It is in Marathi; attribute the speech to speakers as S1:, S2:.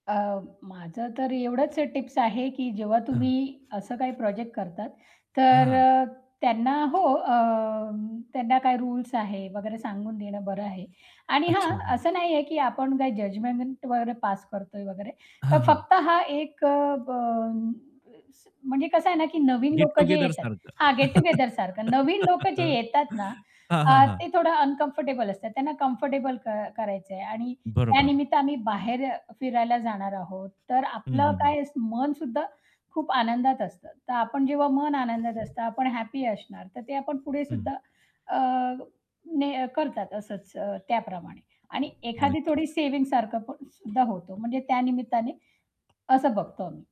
S1: अ, माझं तर एवढंच अ, टिप्स आहे की जेव्हा
S2: हां.
S1: तुम्ही असं काही प्रोजेक्ट करतात, तर
S2: हां.
S1: अ, त्यांना हो, अ, त्यांना काय रुल्स आहे वगैरे सांगून देणं बरं आहे. आणि हां,
S2: अच्छा. हां.
S1: असं नाहीये की आपण काय जजमेंट वर पास करतोय वगैरे.
S2: हां,
S1: तर
S2: हां.
S1: फक्त हा एक अ, ब स म्हणजे कसं आहे ना की नवीन
S2: गेट
S1: लोक जे येतात.
S2: टुगेदरसारखं.
S1: हां, गेट टूगेदरसारखं. नवीन लोक जे
S2: हं.
S1: येतात ना,
S2: हां, हां,
S1: अ,
S2: हां.
S1: ते थोडं अनकम्फर्टेबल असतात, त्यांना कम्फर्टेबल क करायचंय आणि त्या
S2: बरोबर.
S1: निमित्त आम्ही बाहेर अ, फिरायला जाणार आहोत. तर
S2: हं, हं,
S1: आपलं
S2: हं.
S1: काय स मन सुद्धा खूप आनंदात असतं. तर आपण जेव्हा मन आनंदात असतं, आपण हॅपी असणार, तर ते आपण पुढे
S2: हं.
S1: सुद्धा अ, ने अ, करतात असंच अ, त्याप्रमाणे. आणि एखादी
S2: नक्की.
S1: थोडी सेव्हिंगसारखं पण सुद्धा होतो, म्हणजे त्या निमित्ताने. असं बघतो आम्ही.